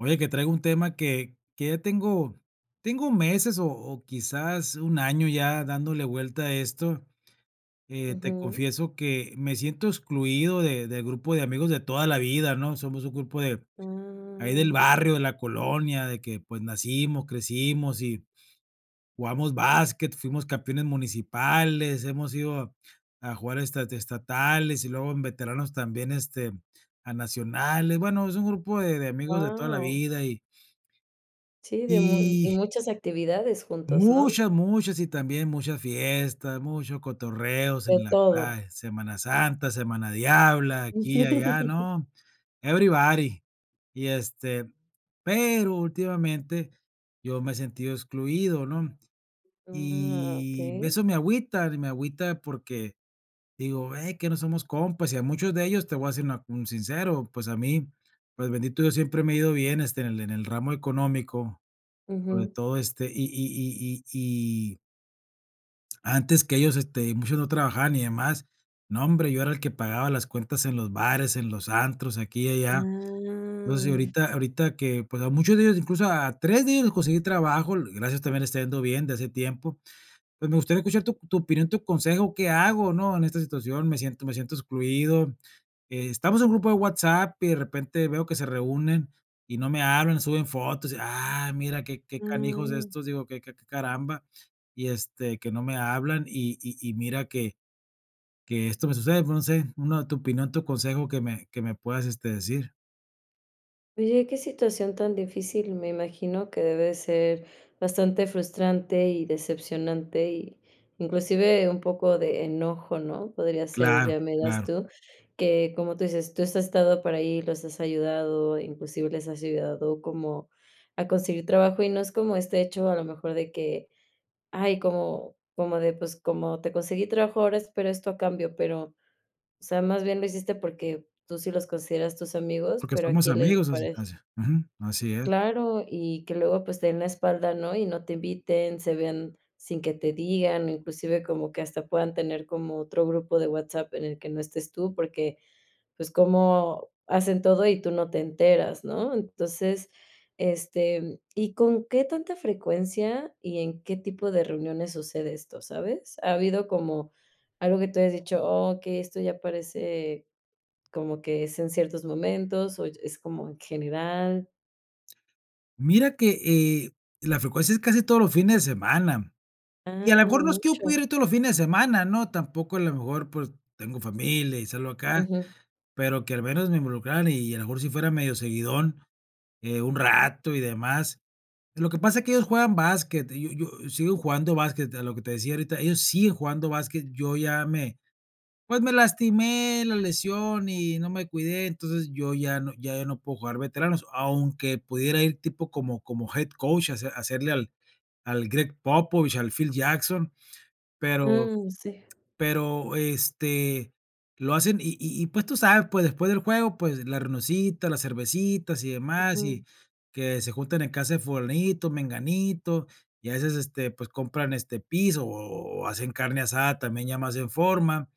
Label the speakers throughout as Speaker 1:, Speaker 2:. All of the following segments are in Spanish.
Speaker 1: Oye, que traigo un tema que que ya tengo tengo meses o o quizás un 1 año ya dándole vuelta a esto. Eh, te
Speaker 2: Ujú.
Speaker 1: confieso que me siento excluido de del grupo de amigos de toda la vida, ¿no? Somos un grupo de, ahí
Speaker 2: Ah.
Speaker 1: del barrio, de la colonia, de que, pues, nacimos, crecimos, y jugamos basket, fuimos campeones municipales, hemos ido a jugar esta estatales, y luego en veteranos también, este, a nacionales. Bueno, es un grupo de de amigos de toda la
Speaker 2: Guau.
Speaker 1: vida y
Speaker 2: Sí, de mu m y
Speaker 1: y.
Speaker 2: muchas actividades juntos, ¿no?
Speaker 1: Muchas, muchas, y también mucha fiesta, mucho cotorreos en
Speaker 2: De
Speaker 1: la
Speaker 2: todo.
Speaker 1: playa, Semana Santa, Semana Diabla, aquí y allá, ¿no? Everybody. Y, este, pero últimamente yo me he sentido excluido, ¿no?
Speaker 2: Ah,
Speaker 1: Y b
Speaker 2: okey.
Speaker 1: eso me agüita, y me agüita porque, digo: "Ve, que no somos compas", y a muchos de ellos te voy a ser una un sincero, pues a mí, pues bendito Dios siempre me ha ido bien, este, en el en el ramo económico, sobre
Speaker 2: Ujú.
Speaker 1: todo este, y y y y y antes que ellos, este, muchos no trabajaban y demás, no hombre, yo era el que pagaba las cuentas en los bares, en los antros, aquí y allá. Entonces,
Speaker 2: Ah.
Speaker 1: ahorita ahorita que, pues, a muchos de ellos, incluso a 3 de ellos les conseguí trabajo, gracias también les está yendo bien de hace tiempo. Pues, me gustaría escuchar tu tu opinión, tu consejo, ¿qué hago, no? En esta situación, me siento me siento excluido. Estamos en un grupo de WhatsApp y de repente veo que se reúnen y no me hablan, suben fotos, y: "Ah, mira qué qué canijos
Speaker 2: Ah.
Speaker 1: estos", digo: "Que que que que caramba", y este, que no me hablan y y y mira que que esto me sucede, no sé una, tu opinión, tu consejo que me que me puedas, este decir.
Speaker 2: Oye, que situación tan difícil, me imagino que debe de ser bastante frustrante y decepcionante, y inclusive un poco de enojo, ¿no? Podría ser,
Speaker 1: Claro,
Speaker 2: ya me dirás
Speaker 1: claro.
Speaker 2: tú, que, como tú dices, tú has estado por ahí, los has ayudado, inclusive les has ayudado como a conseguir trabajo, y no es como este hecho, a lo mejor, de que: "Ay, como como de pues, como te conseguí trabajo ahora, espero esto a cambio", pero, o sea, más bien lo hiciste porque tú sí los consideras tus amigos,
Speaker 1: Porque
Speaker 2: pero a
Speaker 1: somos
Speaker 2: quién le
Speaker 1: amigos así,
Speaker 2: parece.
Speaker 1: o sea, ujú, así es.
Speaker 2: Claro, y que luego, pues, te den la espalda, ¿no? Y no te inviten, se vean sin que te digan, inclusive como que hasta puedan tener como otro grupo de WhatsApp en el que no estés tú, porque, pues, cómo hacen todo y tú no te enteras, ¿no? Entonces, este ¿y con qué tanta frecuencia y en qué tipo de reuniones sucede esto, sabes? Ha habido como algo que tú hayas dicho: "Oh okey, esto ya parece como que es en ciertos momentos" o y es como en general.
Speaker 1: Mira que, eh, la frecuencia, es casi todos los fines de semana, y a la
Speaker 2: Ah,
Speaker 1: mejor no es que yo
Speaker 2: mucho.
Speaker 1: pudiera ir todos los fines de semana, ¿no? Tampoco a lo mejor, pues, tengo familia y salgo acá,
Speaker 2: Ujú.
Speaker 1: pero que al menos me involucraran y a lo mejor si fuera medio seguidón, eh, un rato y demás. Lo que pasa es que ellos juegan básquet, y yo yo sigo jugando básquet, a lo que te decía ahorita, ellos siguen jugando básquet, yo ya me pues, me lastimé la lesión y no me cuidé, entonces, yo ya no ya ya no puedo jugar veteranos. Aunque pudiera ir tipo como como head coach a hace hacerle al al Greg Popovich, al Phil Jackson, pero
Speaker 2: Ah, sí.
Speaker 1: pero, este, lo hacen. Y y y pues tú sabes, pues, después del juego, pues, la reunioncita, las cervecitas, y demás, y
Speaker 2: Ujú.
Speaker 1: que se juntan en casa de fulanito, menganito, y a veces, este, pues, compran este piso, o o hacen carne asada, también ya más en forma.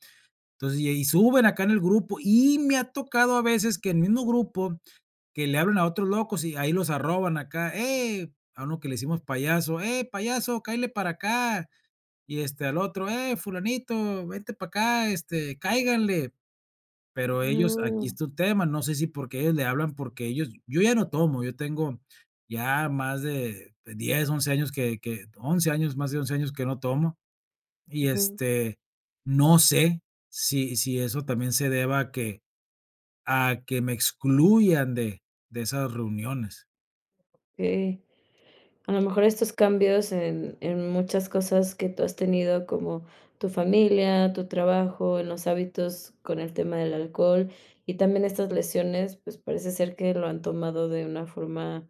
Speaker 1: Entonces, y ahí suben acá en el grupo y me ha tocado a veces que el mismo grupo, que le hablen a otros locos y ahí los arroban acá hey, a uno que le decimos payaso: "Ey, payaso, cáele para acá". Y este al otro: "Ey, fulanito, vente para acá, este, cáiganle". Pero ellos, aquí
Speaker 2: Ah.
Speaker 1: está el tema, no sé si porque ellos le hablan, porque ellos yo ya no tomo, yo tengo ya más de de 10 11 años que que 11 años, más de 11 años que no tomo, y
Speaker 2: Ujú.
Speaker 1: este, no sé, si si eso también se deba a que a que me excluyan de de esas reuniones.
Speaker 2: Sí. A lo mejor, estos cambios en en muchas cosas que tú has tenido, como tu familia, tu trabajo, en los hábitos con el tema del alcohol, y también estas lesiones, pues, parece ser que lo han tomado de una forma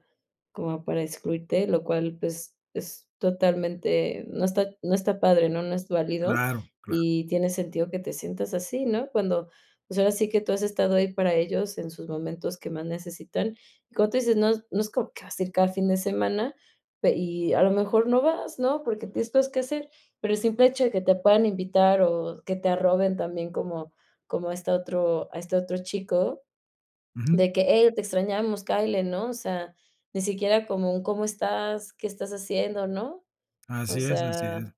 Speaker 2: como para excluirte, lo cual, pues, es es totalmente no está no está padre, ¿no?, no es válido,
Speaker 1: Claro, claro.
Speaker 2: y tiene sentido que te sientas así, ¿no? Cuando, pues, ahora sí que tú has estado ahí para ellos en sus momentos que más necesitan. Y como tú dices, no es no es como que vas a ir cada fin de semana, pe y a lo mejor no vas, ¿no?, porque tienes cosas qué hacer, pero el simple hecho de que te puedan invitar o que te arroben también como como a este otro a este otro chico,
Speaker 1: Ujú.
Speaker 2: de que: "Ey, te extrañamos, cáele", ¿no? O sea, ni siquiera como un: "¿Cómo estás? ¿Qué estás haciendo?", ¿no? O
Speaker 1: Así es, así
Speaker 2: sea,
Speaker 1: es.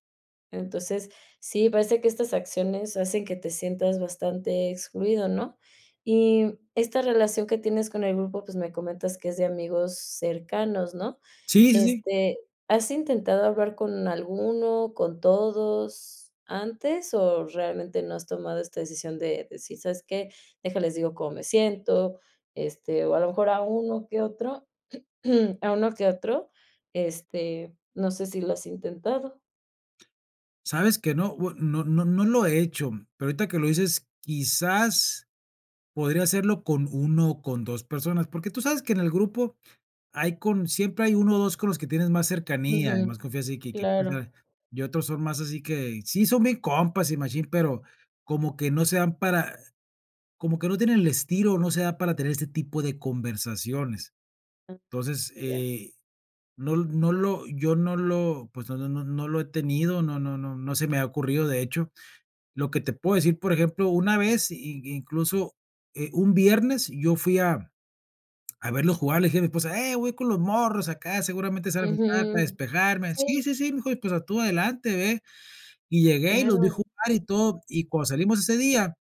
Speaker 2: entonces, sí, parece que estas acciones hacen que te sientas bastante excluido, ¿no? Y esta relación que tienes con el grupo, pues, me comentas que es de amigos cercanos, ¿no?
Speaker 1: Sí, sí, sí.
Speaker 2: Este, ¿has intentado hablar con alguno, con todos antes o, realmente, no has tomado esta decisión de decir: "¿Sabes qué? Deja, les digo cómo me siento", este, o a lo mejor a uno que otro a uno que otro, este, no sé si lo has intentado.
Speaker 1: Sabes que no, bu no no no lo he hecho, pero ahorita que lo dices quizás podría hacerlo con 1 o con 2 personas. Porque tú sabes que en el grupo hay con siempre hay 1 o 2 con los que tienes más cercanía y
Speaker 2: Ujú,
Speaker 1: más confianza y que que, pues, o
Speaker 2: claro.
Speaker 1: sea, y otros son más así que, sí, son bien compas y machín, pero como que no se dan para como que no tienen el estilo, no se da para tener este tipo de conversaciones. Entonces,
Speaker 2: Ya.
Speaker 1: eh, no l no lo yo no lo, pues, no no no no lo he tenido, no no no no se me ha ocurrido, de hecho. Lo que te puedo decir, por ejemplo, una vez y incluso, eh, un viernes yo fui a a verlos jugar, le dije a mi esposa: "Ey, voy con los morros acá, seguramente salga algún plan para
Speaker 2: Ujú.
Speaker 1: despejarme". "Sí,
Speaker 2: Sí.
Speaker 1: sí, sí", me dijo, y, pues, ah, "tú adelante, ve". Y llegué y los vi
Speaker 2: Claro.
Speaker 1: jugar y todo, y cuando salimos ese día,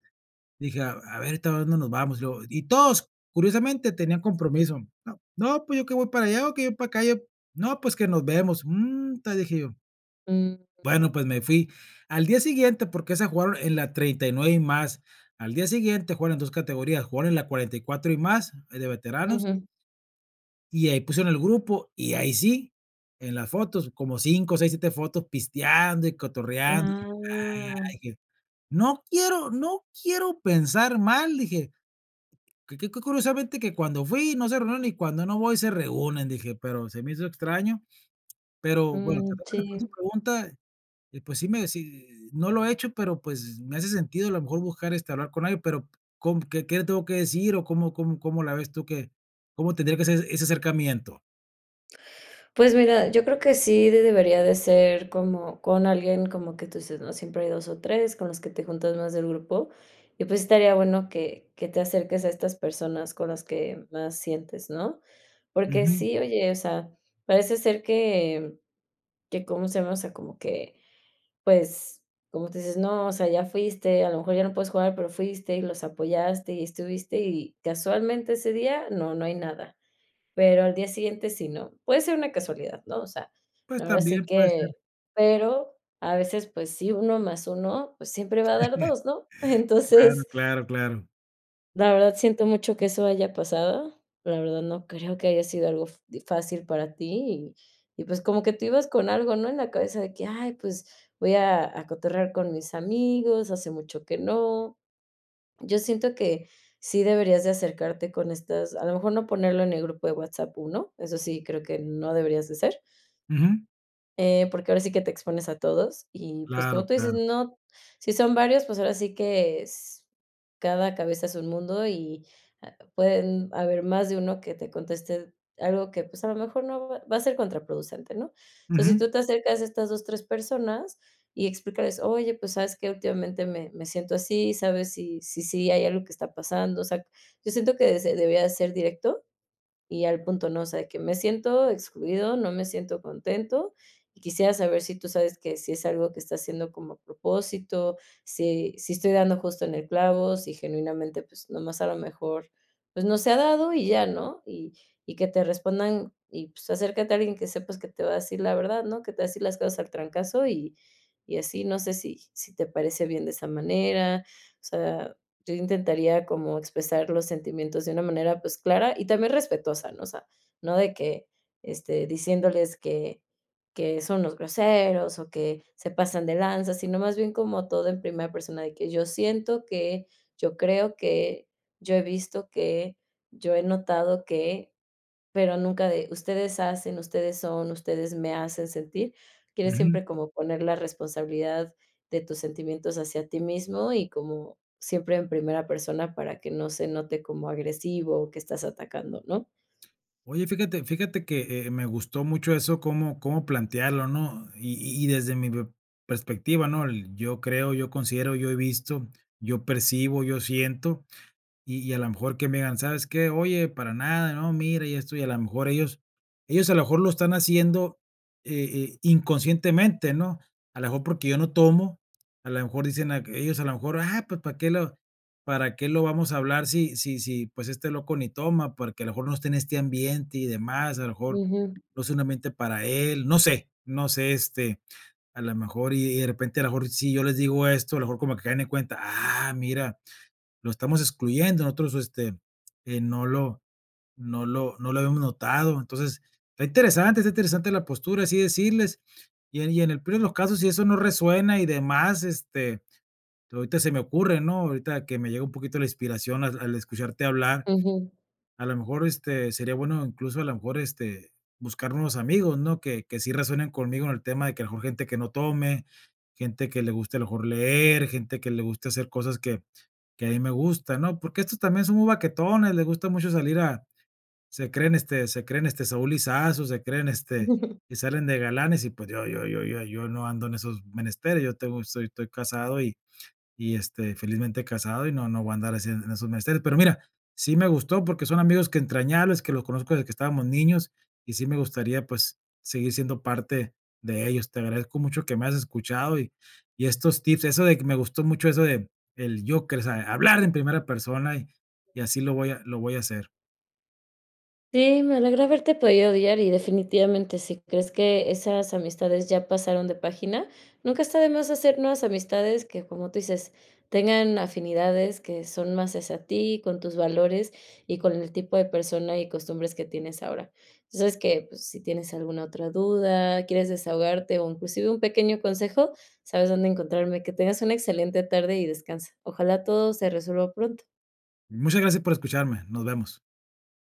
Speaker 1: dije: "a a ver, ¿ahorita a dónde nos vamos?" Y luego, y todos, curiosamente, tenían compromiso. "No no, pues, yo que voy para allá", o que "voy para acá, yo". "No, pues, que nos vemos". "Mm, ta", dije yo.
Speaker 2: Ujú.
Speaker 1: Bueno, pues, me fui. Al día siguiente, porque esa jugaron en la 39 y más. Al día siguiente jugaron 2 categorías, jugaron la 44 y más, eh, de veteranos.
Speaker 2: Ujú.
Speaker 1: Y ahí pusieron en el grupo, y ahí sí, en las fotos, como 5, 6, 7 fotos, pisteando y cotorreando.
Speaker 2: Ah.
Speaker 1: "¡Ay!" dije: "No quiero no quiero pensar mal" dije, "que que que curiosamente, que cuando fui, no se reúnen, y cuando no voy, se reúnen", dije, pero se me hizo extraño. Pero, bueno, para
Speaker 2: Mm,
Speaker 1: tratar de responder tu
Speaker 2: sí.
Speaker 1: pregunta, pues, sí me sí, no lo he hecho, pero, pues, me hace sentido a lo mejor buscar, este, hablar con alguien, pero ¿con qué qué tengo que decir o cómo cómo cómo la ves tú que cómo tendría que ser ese acercamiento?
Speaker 2: Pues, mira, yo creo que sí de debería de ser como con alguien como que tú dices, ¿no? Siempre hay 2 o 3 con los que te juntas más del grupo, y, pues, estaría bueno que que te acerques a estas personas con las que más sientes, ¿no? Porque
Speaker 1: Ujú.
Speaker 2: sí, oye, o sea, parece ser que que, ¿cómo se llama? O sea, como que, pues, como tú dices, ¿no?, o sea, ya fuiste, a lo mejor ya no puedes jugar, pero fuiste y los apoyaste y estuviste, y casualmente ese día no, no hay nada. Pero al día siguiente sí, ¿no? Puede ser una casualidad, ¿no? O sea,
Speaker 1: Pues
Speaker 2: ahora sí
Speaker 1: también puede ser.
Speaker 2: que, pero a veces, pues sí, uno más uno, pues, siempre va a dar dos, ¿no?
Speaker 1: Claro,
Speaker 2: Entonces
Speaker 1: claro, claro.
Speaker 2: La verdad siento mucho que eso haya pasado, pero la verdad no creo que haya sido algo fa di fácil para ti y y, pues, como que tú ibas con algo, ¿no? En la cabeza de que, "ay, pues, voy a a cotorrear con mis amigos, hace mucho que no" Yo siento que sí deberías de acercarte con estas a lo mejor no ponerlo en el grupo de WhatsApp, 1 eso sí creo que no deberías de hacer.
Speaker 1: Ujú.
Speaker 2: Eh, porque ahora sí que te expones a todos y, pues, como
Speaker 1: Claro,
Speaker 2: tú dices,
Speaker 1: claro.
Speaker 2: no si son varios, pues, ahora sí que es cada cabeza es un mundo y pu pueden haber más de uno que te conteste algo que, pues, a lo mejor no va a ser contraproducente, ¿no? Entonces, si
Speaker 1: Ujú.
Speaker 2: tú te acercas a estas 2, 3 personas y explícales: "Oye, pues, ¿sabes qué? Últimamente me me siento así, ¿sabes si si sí hay algo que está pasando?". O sea, yo siento que se debía ser directo, y al punto, ¿no?, o sea, de que me siento excluido, no me siento contento. Quisiera saber si tú sabes que si es algo que está haciendo como a propósito, si si estoy dando justo en el clavo, si genuinamente, pues, nomás a lo mejor, pues, no se ha dado y ya, ¿no? Y y que te respondan y, pues, acércate a alguien que sepas que te va a decir la verdad, ¿no? Que te va a decir las cosas al trancazo, y y así no sé si sí te parece bien de esa manera. O sea, yo intentaría como expresar los sentimientos de una manera, pues, clara y también respetuosa, ¿no? O sea, no de que, este, diciéndoles que que son los groseros o que se pasan de lanza, sino más bien como todo en primera persona, de que "yo siento que", "yo creo que", "yo he visto que", "yo he notado que", pero nunca de "ustedes hacen", "ustedes son", "ustedes me hacen sentir". Quieres
Speaker 1: Ujú.
Speaker 2: siempre como poner la responsabilidad de tus sentimientos hacia ti mismo y como siempre en primera persona para que no se note como agresivo o que estás atacando, ¿no?
Speaker 1: Oye, fíjate fíjate que, eh, me gustó mucho eso cómo cómo plantearlo, ¿no? Y y desde mi pe perspectiva, ¿no? Yo creo, yo considero, yo he visto, yo percibo, yo siento, y y a la mejor que me digan: "¿Sabes qué? Oye, para nada, no, mira". Y esto, y a la mejor ellos ellos a lo mejor lo están haciendo, eh, eh, inconscientemente, ¿no? A la mejor porque yo no tomo, a la mejor dicen, ay que ellos a lo mejor: "Ah, pues, ¿para que lo para qué lo vamos a hablar si si si, pues, este loco ni toma? Porque a lo mejor no está en este ambiente" y demás, a lo mejor,
Speaker 2: Ujú.
Speaker 1: no sea un ambiente para él, no sé no sé, este, a la mejor y de repente a lo mejor si yo les digo esto, a lo mejor como que caen en cuenta, ah, mira, lo estamos excluyendo, nosotros, este, eh, no lo no lo no lo habíamos notado. Entonces, está interesante está interesante la postura, así decirles, y en y en el peor de los casos, si eso no resuena y demás, este, to ahorita se me ocurre, ¿no? Ahorita que me llega un poquito la inspiración al al escucharte hablar.
Speaker 2: Ujú.
Speaker 1: A lo mejor, este, sería bueno incluso a lo mejor, este, buscar nuevos amigos, ¿no? Que que sí resuenen conmigo en el tema de que a lo mejor gente que no tome, gente que le guste a lo mejor leer, gente que le guste hacer cosas que que a mí me gustan, ¿no? Porque estos también son muy baquetones, le gusta mucho salir a se creen, este se creen, este, Saúl Lisazo, se creen, este y salen de galanes y, pues, yo yo yo yo yo no ando en esos menesteres, yo tengo soy estoy casado y y, este, felizmente casado y no no voy a andar así en esos menesteres. Pero mira, sí me gustó porque son amigos que entrañables, que los conozco desde que estábamos niños y sí me gustaría, pues, seguir siendo parte de ellos. Te agradezco mucho que me has escuchado y y estos tips, eso de me gustó mucho eso de del yo que, o sea, hablar en primera persona y y así lo voy a lo voy a hacer.
Speaker 2: Sí, me alegra haberte podido ayudar y, definitivamente, si crees que esas amistades ya pasaron de página, nunca está de más hacer nuevas amistades que, como tú dices, tengan afinidades que son más hacia ti, con tus valores, y con el tipo de persona y costumbres que tienes ahora. Tú sabes que, pues, si tienes alguna otra duda, quieres desahogarte, o inclusive un pequeño consejo, sabes dónde encontrarme. Que tengas una excelente tarde y descansa. Ojalá todo se resuelva pronto.
Speaker 1: Muchas gracias por escucharme, nos vemos.